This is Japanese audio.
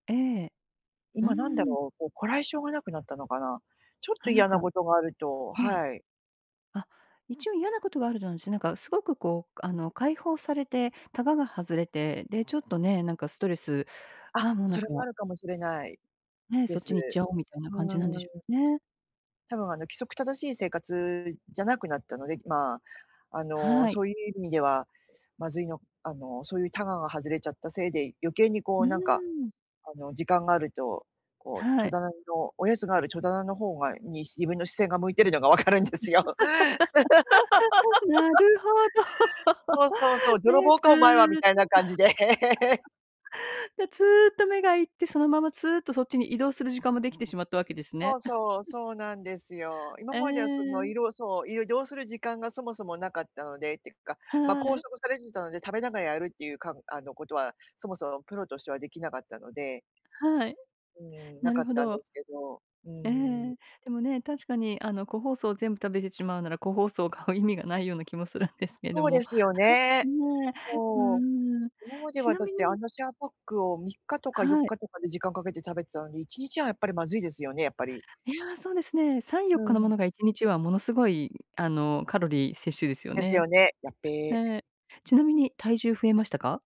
ええ。うー今なんだん。ろう、こう、堪え性がなくなったのかな。ちょっあ、となん嫌なか、ことがあるとね。はい。あ、一応嫌なことがあるじゃないす、なんかすごくこう、あの、解放されてタガが外れて、で、ちょっとね、なんかストレス。あ、ああ、もうなそんれもあかるかもしれないね、で「そっちす。に行っちゃおう」みたいなう感じなんでーしょん。うね。多分あの、規則正しい生活じゃなくなったので、まあ、あの、はい。そういう意味では、まずいのあの、そういうタガが外れちゃったせいで、余計に、こうう、ーなんか、ん。あの、時間があるとこう、は戸い。棚のおやつがある戸棚の方がに、自分の視線が向いてるのがわかるんですよ。なるほ そう-そう-そう、ど。「泥ね、棒かお前は！」みずたいな感じで。で、ずっと目がいって、そのままずっとそっちに移動する時間もできてしまったわけですそね。う-そう、そうなんですよ。今えまではその、え。いどそう、移動する時間がそもそもなかったのでっていうか、はまあ拘い。束されてたので食べながらやるっていうかんあの、ことはそもそもプロとしてはできなかったので。はい。うーん、ななるかっほたんでど。すけど。うえーん。え。でもね、確かにあの、個包装を全部食べてしまうなら個包装を買う意味がないような気もするんですけどそうでもすよ ね。ねえ、うそう、ーん。今までちはなだっみてアにナチャーパックを3日とかよっはい。かとかで時間をかけて食べてたので、1日はやっぱりまずいですよね、やっぱり。いや、そうですね。さんようっかのもん。のが1日はものすごい、あの、カロリー摂取ですよですよね。ね、やっえベ。え。ちなみに、体重増えましたか？